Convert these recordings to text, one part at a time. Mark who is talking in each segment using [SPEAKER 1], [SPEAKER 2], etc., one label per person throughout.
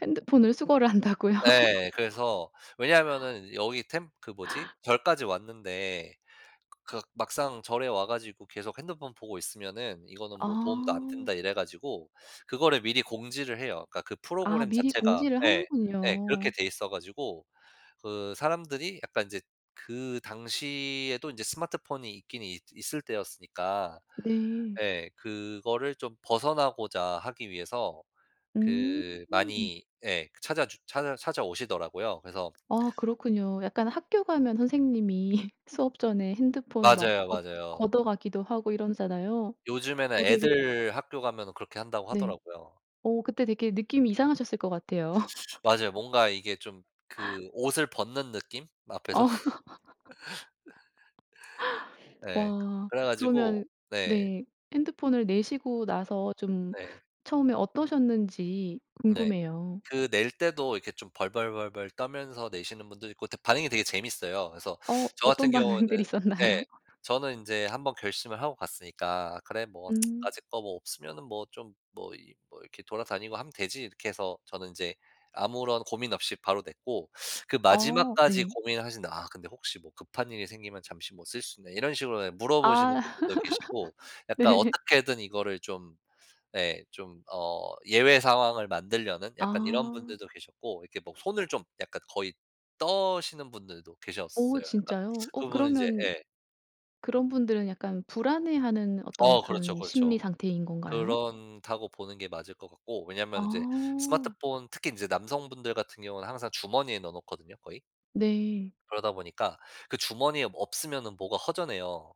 [SPEAKER 1] 핸드폰을 수거를 한다고요?
[SPEAKER 2] 네. 그래서 왜냐하면은 여기 템 그 뭐지? 절까지 왔는데 그 '막상 절에 와 가지고 계속 핸드폰 보고 있으면은 이거는 뭐 도움도 안 된다.'
[SPEAKER 1] 아.
[SPEAKER 2] 이래 가지고 그거를 미리 공지를 해요. 그러니까 그
[SPEAKER 1] 아
[SPEAKER 2] 프로그램
[SPEAKER 1] 미리
[SPEAKER 2] 자체가
[SPEAKER 1] 공지를
[SPEAKER 2] 예. 예 그렇게
[SPEAKER 1] 하는군요.
[SPEAKER 2] 돼 있어 가지고 그 사람들이 약간 인제 그 당시에도 이제 스마트폰이 있긴 있 있을 때였으니까
[SPEAKER 1] 네.
[SPEAKER 2] 예. 그거를 좀 벗어나고자 하기 위해서
[SPEAKER 1] 음.
[SPEAKER 2] 그 많이 예. 찾아 주 찾아 찾아오시더라고요. 그래서
[SPEAKER 1] 아, 그렇군요. 약간 학교 가면 선생님이 수업 전에 핸드폰을 막
[SPEAKER 2] 맞아요,
[SPEAKER 1] 걷
[SPEAKER 2] 맞아요.
[SPEAKER 1] 걷어가기도 하고 이러잖아요.
[SPEAKER 2] 요즘에는
[SPEAKER 1] 어 되게
[SPEAKER 2] 애들 학교 가면은 그렇게 한다고
[SPEAKER 1] 네.
[SPEAKER 2] 하더라고요.
[SPEAKER 1] 어 그때 되게 느낌이 이상하셨을 것 같아요.
[SPEAKER 2] 맞아요. 뭔가 이게 좀 그 옷을 벗는 느낌? 앞에서.
[SPEAKER 1] 어.
[SPEAKER 2] 예.
[SPEAKER 1] 와.
[SPEAKER 2] 그래
[SPEAKER 1] 그러면은
[SPEAKER 2] 가지고 네.
[SPEAKER 1] 네. 핸드폰을 내시고 나서 좀
[SPEAKER 2] 네.
[SPEAKER 1] 처음에 어떠셨는지
[SPEAKER 2] 네.
[SPEAKER 1] 궁금해요.
[SPEAKER 2] 그 낼 때도 이렇게 좀 벌벌벌벌 떨면서 내시는 분도 있고 다 반응이 되게 재밌어요. 그래서
[SPEAKER 1] 어.
[SPEAKER 2] 저 같은
[SPEAKER 1] 어떤 반응들이
[SPEAKER 2] 경우에는 예.
[SPEAKER 1] 있었나요?
[SPEAKER 2] 저는 인제 한번 결심을 하고 갔으니까 '그래 뭐
[SPEAKER 1] 음.
[SPEAKER 2] 까짓 거 뭐 없으면은 뭐 좀 뭐 이 뭐 이렇게 돌아다니고 하면 되지.' 이렇게 해서 저는 이제 아무런 고민 없이 바로 냈고 그
[SPEAKER 1] 어
[SPEAKER 2] 마지막까지
[SPEAKER 1] 네.
[SPEAKER 2] 고민을 하시는데 "아 근데 혹시 뭐 급한 일이 생기면 잠시 뭐 쓸 수 있나." 이런 식으로 물어보시는
[SPEAKER 1] 아.
[SPEAKER 2] 분들도 계시고, 약간
[SPEAKER 1] 네.
[SPEAKER 2] 어떻게든 이거를 좀 예 좀 어 예외 상황을 만들려는 약간 이런
[SPEAKER 1] 아.
[SPEAKER 2] 분들도 계셨고, 이렇게 뭐 손을 좀 약간 거의 떠시는 분들도
[SPEAKER 1] 오
[SPEAKER 2] 계셨어요. 약간.
[SPEAKER 1] 진짜요? 어
[SPEAKER 2] 그분은 인제
[SPEAKER 1] 그러면
[SPEAKER 2] 예.
[SPEAKER 1] 그런 분들은 약간 불안해하는 어떤
[SPEAKER 2] 어 그렇죠,
[SPEAKER 1] 그런 심리
[SPEAKER 2] 그렇죠.
[SPEAKER 1] 상태인 건가요?
[SPEAKER 2] 그렇다고 보는 게 맞을 것 같고 왜냐면은 이제
[SPEAKER 1] 아.
[SPEAKER 2] 스마트폰 특히 이제 남성분들 같은 경우는 항상 주머니에 넣어 놓거든요, 거의.
[SPEAKER 1] 네.
[SPEAKER 2] 그러다 보니까 그 주머니에 뭐 없으면은 뭐가 허전해요.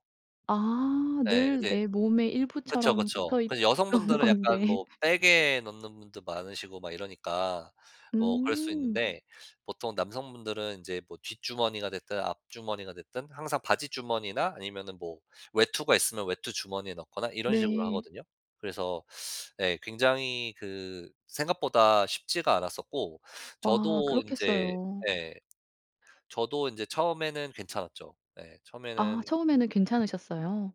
[SPEAKER 1] 아.
[SPEAKER 2] 예.
[SPEAKER 1] 늘
[SPEAKER 2] 근데
[SPEAKER 1] 내 몸의
[SPEAKER 2] 그쵸,
[SPEAKER 1] 일부처럼
[SPEAKER 2] 그쵸.
[SPEAKER 1] 붙어
[SPEAKER 2] 그래서
[SPEAKER 1] 있던
[SPEAKER 2] 여성분들은 약간
[SPEAKER 1] 건데.
[SPEAKER 2] 뭐 백에 넣는 분도 많으시고 막 이러니까 뭐 그럴 수
[SPEAKER 1] 음.
[SPEAKER 2] 있는데 보통 남성분들은 인제 뭐 뒷주머니가 됐든 앞주머니가 됐든 항상 바지 주머니나 아니면은 뭐 외투가 있으면 외투 주머니에 넣거나 이런 식으로
[SPEAKER 1] 네.
[SPEAKER 2] 하거든요. 그래서 네. 굉장히 그 생각보다 쉽지가 않았었고
[SPEAKER 1] 아
[SPEAKER 2] 저도 인제
[SPEAKER 1] 그렇겠어요.
[SPEAKER 2] 예. 저도 인제 처음에는 괜찮았죠. 네.
[SPEAKER 1] 아
[SPEAKER 2] 처음에는
[SPEAKER 1] 처음에는 괜찮으셨어요?